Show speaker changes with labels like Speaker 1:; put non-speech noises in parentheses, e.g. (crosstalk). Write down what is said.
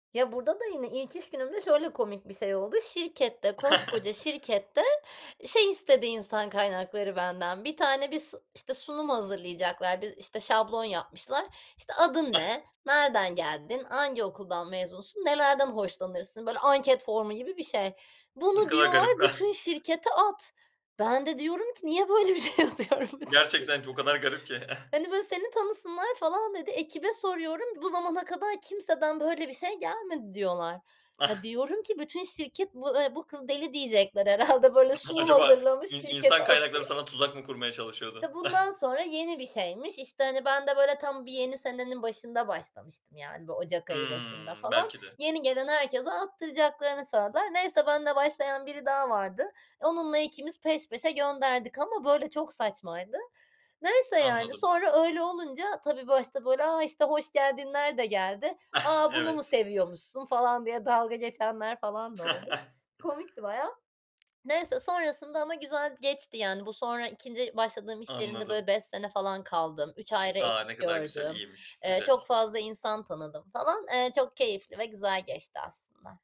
Speaker 1: Ya burada da yine ilk iş günümde şöyle komik bir şey oldu: Şirkette, koskoca
Speaker 2: (chuckles)
Speaker 1: şirkette, şey istedi insan kaynakları benden, bir tane bis işte, sunum hazırlayacaklar, bir ,işte, şablon yapmışlar. İşte, adın
Speaker 2: Eh.
Speaker 1: ne, nereden geldin, hangi okuldan mezunsun, nelerden hoşlanırsın? Böyle anket formu gibi bir şey.
Speaker 2: Ne
Speaker 1: Bunu
Speaker 2: kadar
Speaker 1: diyorlar
Speaker 2: garip. Eh.
Speaker 1: "Bütün şirkete at." Ben de diyorum ki, niye böyle bir şey atıyorum bütün şirkete.
Speaker 2: Gerçekten çok o kadar garip ki. (chuckles)
Speaker 1: Hani, böyle, seni tanısınlar, falan dedi. Ekibe soruyorum, "Bu zamana kadar kimseden böyle bir şey gelmedi" diyorlar. Ya
Speaker 2: Ah.
Speaker 1: diyorum ki, bütün şirket bu, eee, bu kız deli diyecekler herhâlde. Böyle
Speaker 2: (unintelligible)
Speaker 1: sunum
Speaker 2: Acaba
Speaker 1: hazırlamış
Speaker 2: in
Speaker 1: şirkete
Speaker 2: insan kaynakları
Speaker 1: atıyor.
Speaker 2: sana tuzak mı kurmaya çalışıyordu?
Speaker 1: İşte,
Speaker 2: Ah.
Speaker 1: bundan sonra yeni bir şeymiş. İşte, hani, ben de böyle tam bir yeni senenin başında başlamıştım. Yani, bu Ocak ayı başında
Speaker 2: Hımm,
Speaker 1: falan.
Speaker 2: belki de.
Speaker 1: Yeni gelen herkese attıracaklarını söylediler. Neyse benle başlayan biri daha vardı. Onunla 2'miz peş peşe gönderdik ama böyle çok saçmaydı. Neyse yani,
Speaker 2: Anladım.
Speaker 1: sonra öyle olunca tabii başta, böyle, "a, işte hoş geldinler"de geldi.
Speaker 2: Ah,
Speaker 1: "A, bunu mu
Speaker 2: evet.
Speaker 1: seviyormuşsun?" falan diye dalga geçenler falan da oldu.
Speaker 2: (chuckles)
Speaker 1: Komikti bayağı. Neyse, sonrasında ama güzel geçti. Yani, bu sonra 2. başladığım iş yerinde, böyle,
Speaker 2: Anladım.
Speaker 1: 5 sene falan kaldım. 3 ayrı
Speaker 2: A, ne
Speaker 1: ekip
Speaker 2: kadar güzel,
Speaker 1: gördüm.
Speaker 2: iyiymiş.
Speaker 1: Eee, çok
Speaker 2: Güzel.
Speaker 1: fazla insan tanıdım falan. Eee, çok keyifli ve güzel geçti aslında.